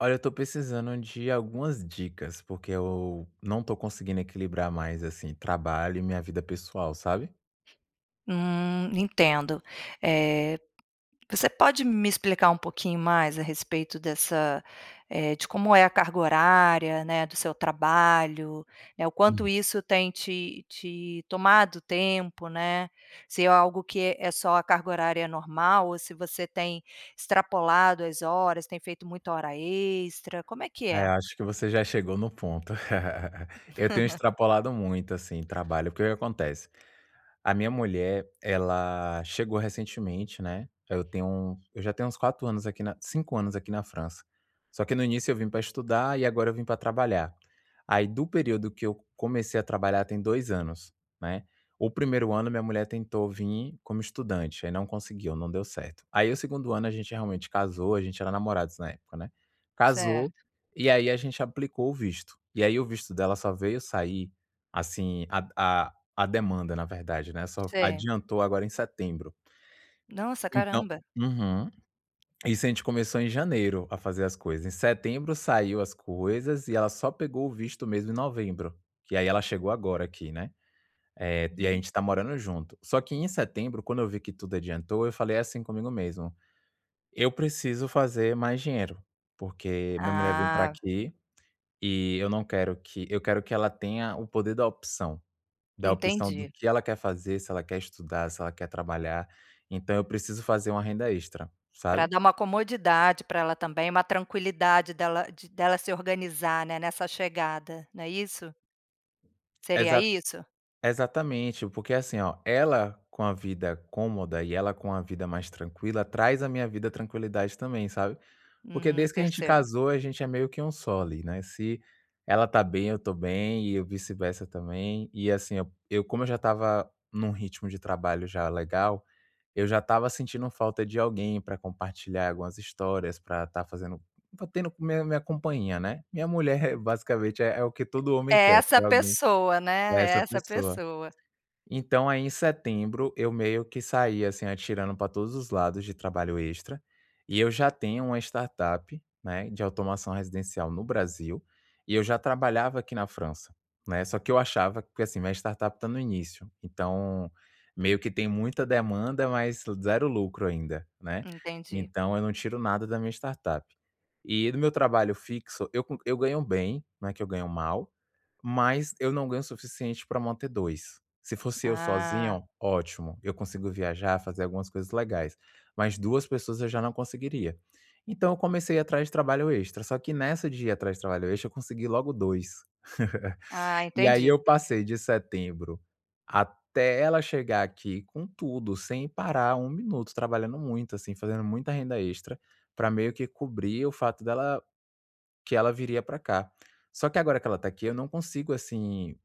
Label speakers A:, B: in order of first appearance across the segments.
A: Olha, eu estou precisando de algumas dicas, porque eu não tô conseguindo equilibrar mais, assim, trabalho e minha vida pessoal, sabe?
B: Hum, entendo. Eh, você pode me explicar um pouquinho mais a respeito dessa eh, de como é a carga horária, né, do seu trabalho? Eh, o quanto
A: Uhum.
B: isso tem te te tomado tempo, né? Se é algo que é só a carga horária normal ou se você tem extrapolado as horas, tem feito muita hora extra. Como é que
A: É,
B: é?
A: acho que você já chegou no ponto. Eu tenho extrapolado muito, assim, trabalho. O que que acontece? A minha mulher, ela chegou recentemente, né? Aí, eu tenho um eu já tenho uns 4 anos aqui na 5 anos aqui na França. Só que, no início, eu vim pra estudar e agora eu vim pra trabalhar. Aí, do período que eu comecei a trabalhar tem 2 anos, né? O primeiro ano, minha mulher tentou vir como estudante, aí, não conseguiu, não deu certo. Aí, o segundo ano, a gente realmente casou a gente era namorados na época, né? Casou,
B: Certo.
A: e aí, a gente aplicou o visto. E aí, o visto dela só veio sair, assim, a a a demanda, na verdade, né? Só
B: Sei.
A: adiantou agora em setembro.
B: Nossa,
A: Então
B: caramba.
A: uhum. Isso a gente começou em janeiro a fazer as coisas. Em setembro, saiu as coisas. E ela só pegou o visto, mesmo, em novembro. E aí, ela chegou agora aqui, né? Eh, e aí,
B: Hum.
A: gente está morando junto. Só que, em setembro, quando eu vi que tudo adiantou, eu falei, assim, comigo mesmo: "Eu preciso fazer mais dinheiro, porque minha mulher veio pra
B: Ah.
A: aqui, e eu não quero que eu quero que ela tenha o poder da opção. Da opção do
B: Entendi.
A: que ela quer fazer, se ela quer estudar, se ela quer trabalhar. Então eu preciso fazer uma renda extra,
B: Pra
A: sabe?
B: dar uma comodidade pra ela também, uma tranquilidade dela de dela se organizar, né, nessa chegada. Não é isso? Seria
A: Exata
B: isso?
A: examente, porque, assim, ó, ela com a vida cômoda e ela com a vida mais tranquila, traz à minha vida tranquilidade também, sabe? Porque
B: Hum,
A: desde que a gente
B: percebo.
A: casou, a gente é meio que 1 só ali, né? Se ela tá bem, eu tô bem e eu vice-versa também. E, assim, eu eu como eu já estava num ritmo de trabalho já legal, eu já estava sentindo falta de alguém pra compartilhar algumas histórias, pra estar fazendo estar tendo minha minha companhia, né? Minha mulher é
B: Ah.
A: é, basicamente, é o que todo homem
B: É
A: quer
B: essa
A: ter alguém
B: pessoa,
A: é
B: né?
A: essa
B: Essa
A: pessoa.
B: pessoa.
A: Então, aí, em setembro eu meio que saí, assim, atirando pra todos os lados de trabalho extra. E eu já tenho uma startup, né, de automação residencial no Brasil, e eu já trabalhava aqui na França, né. Só que eu achava que assim, minha startup tá no início, então meio que tem muita demanda, mas 0 lucro ainda, né?
B: Entendi.
A: Então eu não tiro nada da minha startup. E do meu trabalho fixo, eu co eu ganho bem, não é que eu ganho mal, mas eu não ganho o suficiente pra manter 2. Se fosse eu
B: Ah.
A: sozinho, ótimo. Eu consigo viajar, fazer algumas coisas legais, mas, 2 pessoas, eu já não conseguiria. Então eu comecei ir atrás de trabalho extra. Só que nessa de ir atrás de trabalho extra, eu consegui logo 2.
B: Ah,
A: E aí,
B: entendi.
A: eu passei de setembro até ela chegar aqui com tudo, sem parar 1 minuto trabalhando muito, assim, fazendo muita renda extra pra meio que cobrir o fato dela que ela viria pra cá. Só que, agora que ela tá aqui, eu não consigo, assim,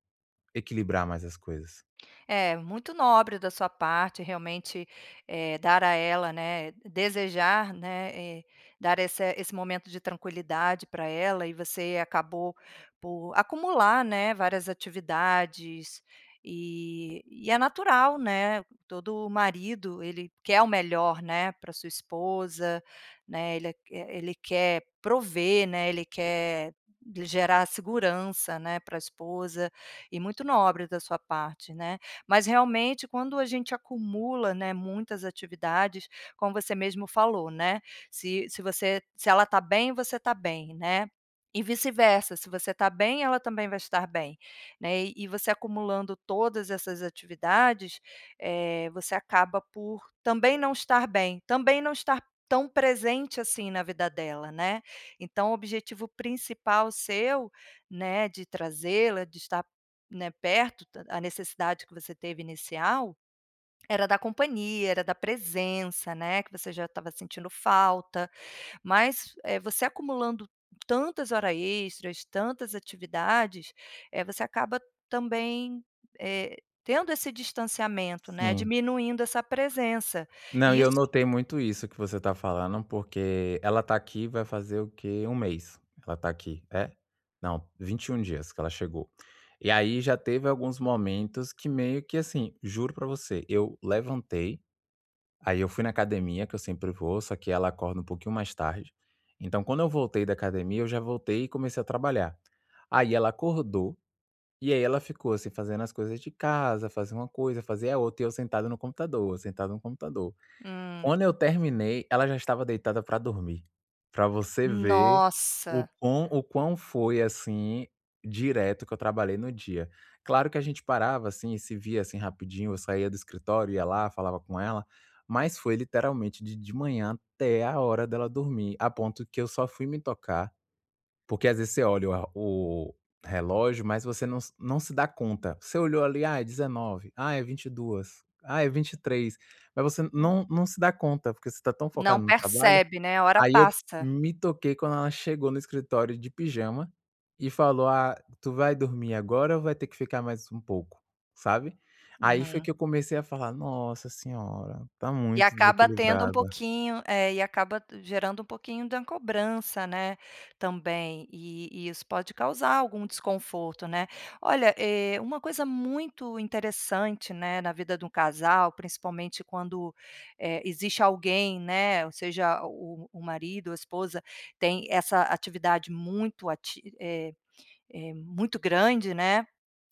A: equilibrar mais as coisas.
B: É, muito nobre da sua parte, realmente, eh, dar a ela, né, desejar, né, e dar essa esse momento de tranquilidade pra ela e você acabou por acumular, né, várias atividades e e é natural, né? Todo marido, ele quer o melhor, né, pra sua esposa, né? Ele e ele quer prover, né, ele quer lhe gerar segurança, né, pra esposa. E muito nobre da sua parte, né, mas realmente quando a gente acumula, né, muitas atividades como você mesmo falou, né, se se você se ela tá bem, você tá bem, né, e vice-versa. Se você tá bem, ela também vai estar bem, né? E você acumulando todas essas atividades, eh, você acaba por também não estar bem. Também não estar tão presente, assim, na vida dela, né, então o objetivo principal seu, né, de trazê-la, de estar, né, perto ta a necessidade que você teve inicial era da companhia, era da presença, né, que você já estava sentindo falta. Mas, eh, você acumulando tantas hora extras, tantas atividades, eh, você acaba também, eh, tendo esse distanciamento, né,
A: Sim.
B: diminuindo essa presença
A: Não,
B: e
A: e eu
B: isso
A: notei muito isso que você tá falando, porque ela tá aqui vai fazer o quê? 1 mês. Ela tá aqui é? Não, 21 dias que ela chegou. E aí, já teve alguns momentos que meio que, assim juro pra você, eu levantei, aí, eu fui na academia que eu sempre vou, só que ela acorda um pouquinho mais tarde, então, quando eu voltei da academia, eu já voltei e comecei a trabalhar. Aí, ela acordou, e aí, ela ficou, assim, fazendo as coisas de casa, fazia uma coisa, fazia a outra. E eu sentado no computador, eu sentado no computador.
B: Hum.
A: Quando eu terminei, ela já estava deitada pra dormir. Pra você ver o
B: Nossa.
A: quão o quão foi, assim, direto que eu trabalhei no dia. Claro que a gente parava, assim, e se via, assim, rapidinho. Eu saía do escritório, ia lá, falava com ela. Mas foi literalmente de de manhã até a hora dela dormir. A ponto que eu só fui me tocar porque, às vezes, você olha a o relógio, mas você não se não se dá conta. Você olhou ali, ah, é 19h, ah, é 22h, ah, é 23h, mas você não não se dá conta. Porque você tá tão
B: Não
A: focado no trabalho,
B: percebe, né? Hora
A: aí, eu
B: passa.
A: me toquei quando ela chegou no escritório de pijama e falou: "Ah, tu vai dormir agora ou vai ter que ficar mais um pouco?". Sabe? Aí, foi
B: Uhum.
A: que eu comecei a falar: "Nossa senhora, tá
B: E
A: muito
B: acaba tendo um
A: desequilibrada".
B: pouquinho é, e acaba gerando um pouquinho da cobrança, né, também. E e isso pode causar algum desconforto, né? Olha, eh, uma coisa muito interessante, né, na vida de um casal, principalmente, quando, eh, existe alguém, né, ou seja, o o marido ou a esposa tem essa atividade muito ati eh eh, muito grande, né,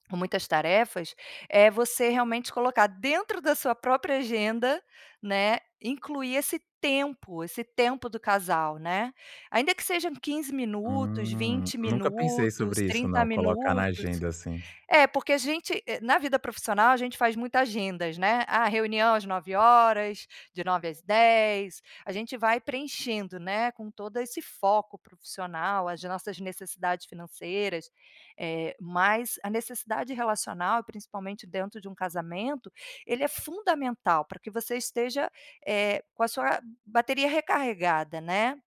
B: com muitas tarefas eh, você, realmente, colocar dentro da sua própria agenda, né, incluir esse tempo esse tempo do casal, né? Ainda que sejam 15 minutos,
A: Hum,
B: 20
A: nunca pensei
B: minutos,
A: sobre isso
B: 30
A: não. Colocar na
B: minutos.
A: agenda, assim.
B: É, porque a gente eh, na vida profissional, a gente faz muita agendas, né? A reunião às 9h de 9 às 10. A gente vai preenchendo, né, com todo esse foco profissional, as nossas necessidades financeiras, eh, mas a necessidade relacional e, principalmente dentro de um casamento, ele é fundamental pra que você esteja, eh, com a sua bateria recarregada, né,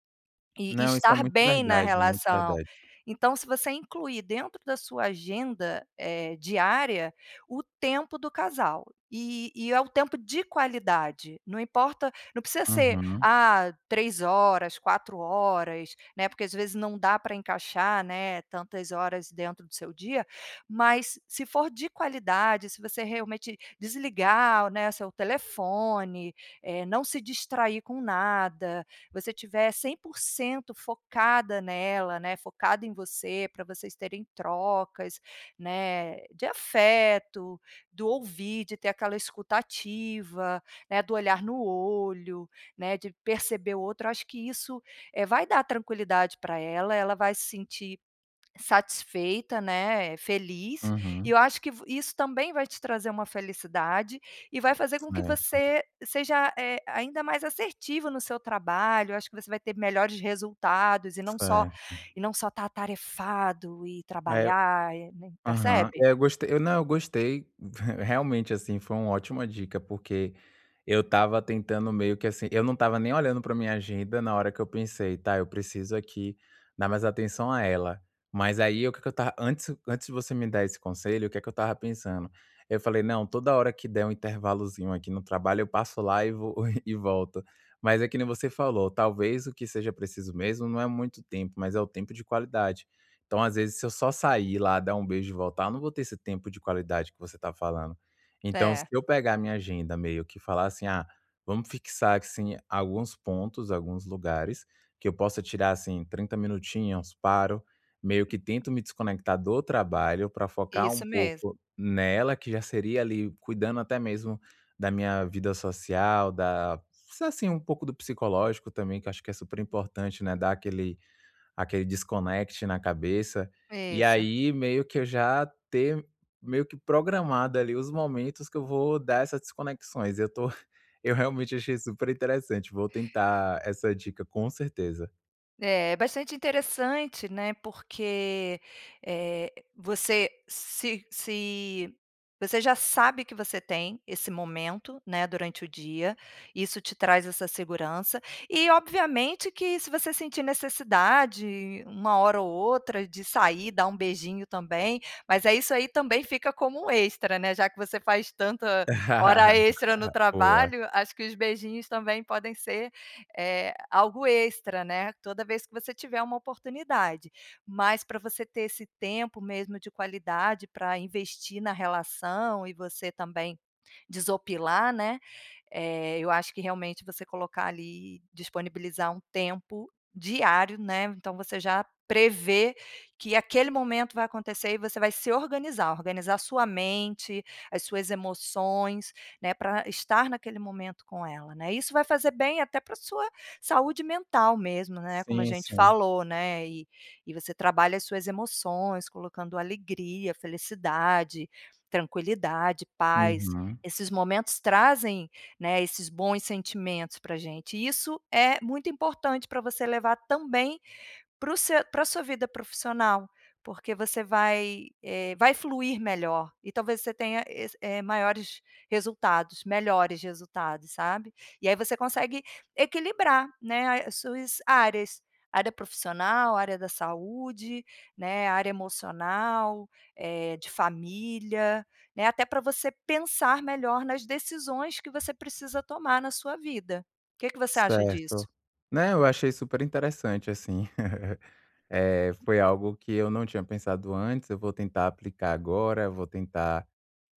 B: e
A: Não, isso é
B: estar
A: muito
B: bem na
A: verdade, muito
B: relação.
A: verdade.
B: Então se você incluir dentro da sua agenda, eh, diária o tempo do casal, e e é o tempo de qualidade, não importa não precisa ser,
A: Uhum.
B: ah, 3h, 4h, né, porque, às vezes, não dá pra encaixar, né, tantas horas dentro do seu dia. Mas se for de qualidade, se você realmente desligar, né, o seu telefone, eh, não se distrair com nada, você estiver 100% focada nela, né, focado em você para vocês terem trocas, né, de afeto, do ouvir, de ter aquela escuta ativa, né, do olhar no olho, né, de perceber o outro. Acho que isso, eh, vai dar tranquilidade pra ela. Ela vai se sentir satisfeita, né, feliz. E
A: Uhum.
B: eu acho que v isso também vai te trazer uma felicidade e vai fazer com que
A: Certo.
B: você seja, eh, ainda mais assertivo no seu trabalho. Acho que você vai ter melhores resultados e não só
A: Certo.
B: e não só estar atarefado e
A: É o
B: trabalhar e, né
A: aham.
B: percebe?
A: É eu gostei. Eu não gostei, te realmente, assim, foi uma ótima dica, porque eu estava tentando meio que, assim eu não estava nem olhando pra minha agenda na hora que eu pensei: "Tá, eu preciso aqui dar mais atenção a ela". Mas, aí, o que que eu estava antes antes de você me dar esse conselho, o que que eu estava pensando. Eu falei: "Não, toda hora que der um intervalozinho aqui no trabalho, eu passo lá e v e volto". Mas é que nem você falou, talvez o que seja preciso mesmo não é muito tempo, mas é o tempo de qualidade. Então, às vezes, se eu só sair lá dar um beijo e voltar, eu não vou ter esse tempo de qualidade que você tá falando. Então se
B: Certo.
A: eu pegar a minha agenda meio que falar assim: "Ah, vamos fixar, assim, alguns pontos, alguns lugares, que eu possa tirar, assim, 30 minutinhos". Paro, meio que
B: [unintelligible]
A: tento me desconectar do trabalho pra focar um
B: Isso mesmo.
A: pouco nela, que já seria, ali, cuidando até mesmo da minha vida social, da sa assim, um pouco do psicológico também, que eu acho que é super importante, né, dar aquele aquele desconect na cabeça. E
B: Isso.
A: aí, meio que eu já ter meio que programado, ali, os momentos que eu vou dar essas desconexões. eu tô eu, realmente, achei super interessante. Vou tentar essa dica com certeza.
B: É, bastante interessante, né, porque, eh, você se se Você já sabe que você tem esse momento, né, durante o dia, isso te traz essa segurança. E obviamente que se você sentir necessidade uma hora ou outra de sair, dar um beijinho também, mas é isso aí também fica como extra, né? Já que você faz tanta hora extra no
A: Boa.
B: trabalho, acho que os beijinhos também podem ser, eh, algo extra, né, toda vez que você tiver uma oportunidade. Mas pra você ter esse tempo mesmo de qualidade pra investir na relação e você também desopilar, né, eh, eu acho que realmente você colocar ali disponibilizar um tempo diário, né, então você já prevê que aquele momento vai acontecer e você vai se organizar. Organizar sua mente, as suas emoções, né, pra estar naquele momento com ela, né? Isso vai fazer bem até pra sua saúde mental mesmo, né, como a
A: Sim,
B: gente
A: sim.
B: falou, né, e e você trabalha as suas emoções colocando alegria, felicidade, tranquilidade, paz.
A: Uhum.
B: Esses momentos trazem, né, esses bons sentimentos pra gente e isso é muito importante pra você levar também para o seu pra sua vida profissional. Porque você vai, eh, vai fluir melhor e talvez você tenha es eh, maiores resultados, melhores resultados, sabe? E aí você consegue equilibrar, né, as suas áreas. Área profissional, área da saúde, né, área emocional, eh, de família, né? Até pra você pensar melhor nas decisões que você precisa tomar na sua vida. Que que você acha disso?
A: Certo. Né? Eu achei super interessante assim. Eh, foi algo que eu não tinha pensado antes, eu vou tentar aplicar agora, eu vou tentar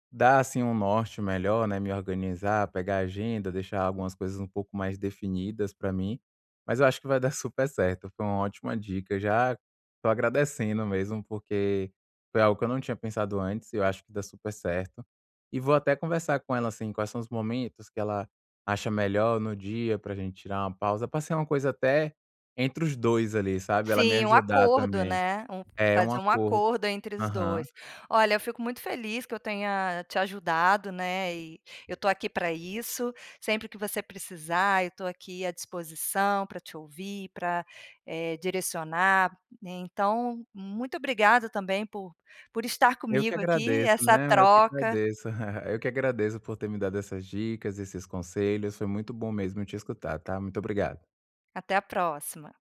A: da, assim, um norte melhor, né, me organizar, pegar a agenda, deixar algumas coisas um pouco mais definidas pra mim. Mas eu acho que vai dar super certo, foi uma ótima dica. Já tô agradecendo mesmo porque foi algo que eu não tinha pensado antes e eu acho que dá super certo, e vou até conversar com ela, assim, quais são os momentos que ela acha melhor no dia pra gente tirar uma pausa pra ser uma coisa até, entre os 2 ali, sabe, ela me
B: Sim, um
A: ajudar
B: acordo,
A: também.
B: né, um
A: É um
B: fazer um
A: acordo.
B: acordo entre os
A: Aham.
B: 2. Olha eu fico muito feliz que eu tenha te ajudado, né, e eu tô aqui pra isso. Sempre que você precisar eu tô aqui à disposição pra te ouvir, pra, eh, direcionar. Então muito obrigado também por por estar
A: Eu que
B: comigo aqui,
A: agradeço,
B: essa
A: né, eu que
B: troca.
A: agradeço. Eu que agradeço por ter me dado essas dicas, esses conselhos, foi muito bom mesmo te escutar, tá? Muito obrigado.
B: Até a próxima.